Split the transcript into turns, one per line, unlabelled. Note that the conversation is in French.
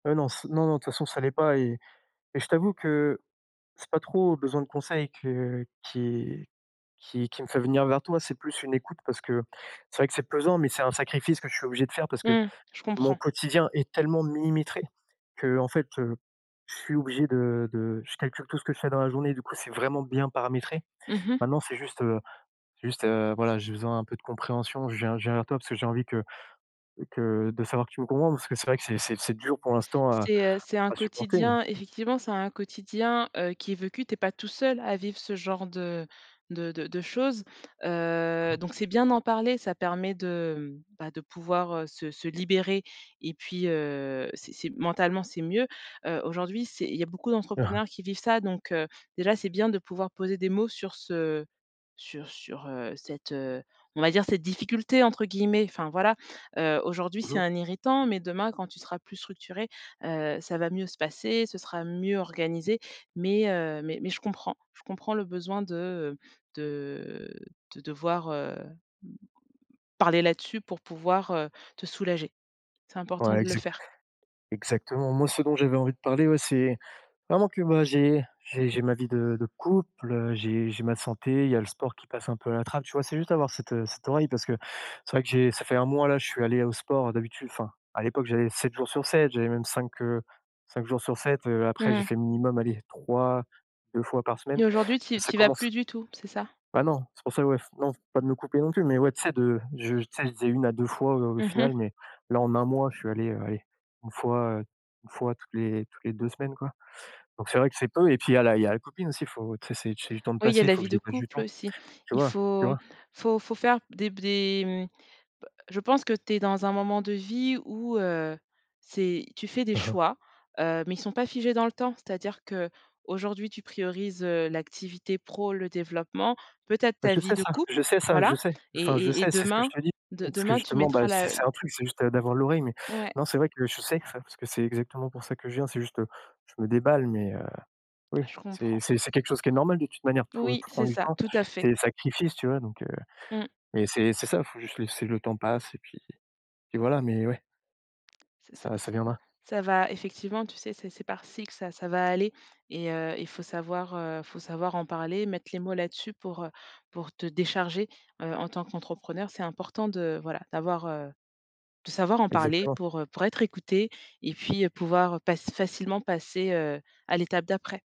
Heu, non c non non, de toute façon ça l'est pas et et je t'avoue que c'est pas trop besoin de conseils que qui qui qui me fait venir vers toi, c'est plus une écoute parce que, c'est vrai que c'est pesant mais c'est un sacrifice que je suis obligé de faire parce que
Mmh. Je
mon
comprends.
quotidien est tellement millimétré qu'en fait, heu, je suis obligé de de je calcule tout ce que je fais dans la journée, du coup c'est vraiment bien paramétré.
Mmh mh.
Maintenant c'est juste, heu, juste, heu, voilà, j'ai besoin d'un peu de compréhension, je viens je viens vers toi parce que j'ai envie que que de savoir que tu me comprends, parce que c'est vrai que c'est c'est c'est dur pour l'instant à
C'est, heu, c'est un
à supporter mais
quotidien, effectivement c'est un quotidien, heu, qui est vécu tu es pas tout seul à vivre ce genre de de de de choses,
Mmh
heu,
mh.
donc c'est bien d'en parler ça permet de, mmh, bah, de pouvoir, heu, se se libérer et puis, heu, c'est c'est mentalement c'est mieux. Heu, aujourd'hui c'est il y beaucoup
Mmh mh.
d'entrepreneurs qui vivent ça donc heu, déjà c'est bien de pouvoir poser des mots sur ce sur sur, heu, cette, heu, on va dire cette «difficulté», entre guillemets, enfin voilà. Heu, aujourd'hui
Mmh
c'est
mh.
un irritant, mais demain quand tu seras plus structuré, heu, ça va mieux se passer, ce sera mieux organisé mais heu, mais mais je comprends. Je comprends le besoin de, heu, de de devoir, heu, m parler là dessus pour pouvoir, heu, te soulager. C'est important
Ouais
de le
exact
faire.
exactement. Moi, ce dont j'avais envie de parler ouais, c'est vraiment que moi j'ai j'ai j'ai ma vie de de couple, heu, j'ai j'ai ma santé, il y a le sport qui passe un peu à la trappe, tu vois? C'est juste avoir cette, heu, cette oreille parce que c'est vrai que j'ai ça fait 1 mois là, je suis allé au sport, d'habitude enfin, à l'époque, j'y allais 7 jours sur 7, j'allais même 5, heu, 5 jours sur 7, heu, après j'ai
Mmh.
fait minimum allez, 3-2 fois par semaine.
Et aujourd'hui tu y
Ça
tu y vas
commence
plus du tout, c'est ça?
Ben non, c'est pour ça ouais f non f pas de me couper non plus mais ouais, tu sais? De je tu sais? Je disais 1 à 2 fois, heu, au
Mmh mh.
final mais là en 1 mois, je suis allé, heu, allez, 1 fois, heu, 1 fois toutes les toutes les 2 semaines, quoi, donc c'est vrai que c'est peu et puis il y a la il y a la copine aussi. Faut tu sais? C'est du c'est du temps de
Oui il y a
passé,
la
faut que
vie
je
de
dégage du
couple
temps.
aussi.
Tu
Il
vois? Tu
faut
vois?
faut faut faire des b des, mmh, bah, je pense que tu es dans un moment de vie où, heu, c'est, tu fais des
Mmh mh.
choix, heu, mais ils sont pas figés dans le temps. C'est-à-dire qu'aujourd'hui tu priorises, heu, l'activité pro, le développement, peut-être
Mais
ta
je
vie
sais
de
ça,
couple,
je sais ça,
voilà
je sais.
et
Enfin, je
et et
sais, c'est ce que je
demain,
te dis,
de
parce que
demain tu
justement, bah,
mettras la
c'est c'est
l
un truc, c'est juste, heu, d'avoir l'oreille, mais
Ouais.
non, c'est vrai que je sais ça, parce que c'est exactement pour ça que je viens, c'est juste, heu, je me déballe mais heu, oui.
Ah je
C'est
comprends.
c'est c'est quelque chose qui est normal de toute manière, tout, heu,
Oui
tout prend
c'est
du
ça,
temps,
tout à fait.
c'est des sacrifices, tu vois? Donc heu,
Mmh.
mais c'est c'est ça, faut juste laisser le temps passe et puis puis voilà mais ouais.
C'est ça
Ça
ça
ça viendra.
ça va effectivement tu sais? C'est c'est par cycle ça ça va aller et heu, il faut savoir, heu, faut savoir en parler, mettre les mots là dessus pour, heu, pour te décharger. Heu, en tant qu'entrepreneur, c'est important de voilà, d'avoir, heu, de savoir en parler
Exactement.
pour, heu, pour être écouté et puis, heu, pouvoir, heu, pass facilement passer, heu, à l'étape d'après.